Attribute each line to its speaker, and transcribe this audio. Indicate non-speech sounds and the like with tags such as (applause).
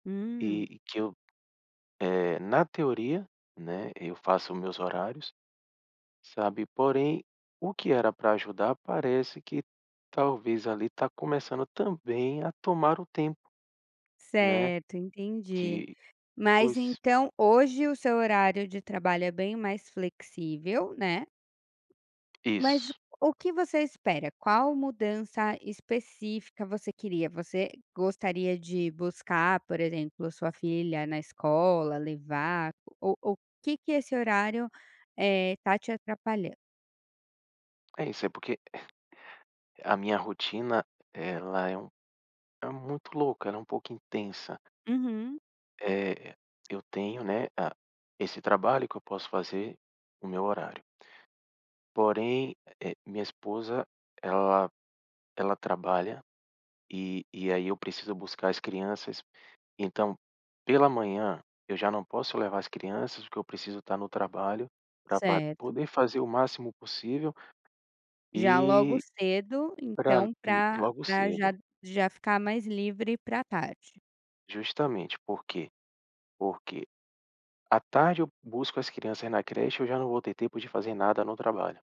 Speaker 1: Hum.
Speaker 2: E que eu eh, na teoria, né, eu faço meus horários, sabe, porém, o que era para ajudar parece que talvez ali está começando também a tomar o tempo, né.
Speaker 1: Certo, entendi.
Speaker 2: Que
Speaker 1: Mas
Speaker 2: pois
Speaker 1: então, hoje o seu horário de trabalho é bem mais flexível, né. Mas
Speaker 2: Isso.
Speaker 1: o que você espera, qual mudança específica você queria? Você gostaria de buscar, por exemplo, sua filha na escola, levar, o ou que que esse horário, eh, está te atrapalhando?
Speaker 2: É isso, é porque (chuckles) a minha rotina ela é um é muito louca, ela é um pouco intensa.
Speaker 1: Uhum.
Speaker 2: É, eu tenho, né, a esse trabalho que eu posso fazer o meu horário. Porém, eh, minha esposa ela ela trabalha, e e aí eu preciso buscar as crianças, então pela manhã eu já não posso levar as crianças, porque eu preciso estar no trabalho para
Speaker 1: Certo.
Speaker 2: poder fazer o máximo possível,
Speaker 1: Já logo
Speaker 2: e
Speaker 1: cedo,
Speaker 2: e para
Speaker 1: então,
Speaker 2: ir
Speaker 1: para
Speaker 2: logo
Speaker 1: para já
Speaker 2: cedo.
Speaker 1: já ficar mais livre para tarde.
Speaker 2: Justamente por quê? Porque à tarde eu busco as crianças na creche, aí eu já não vou ter tempo de fazer nada no trabalho.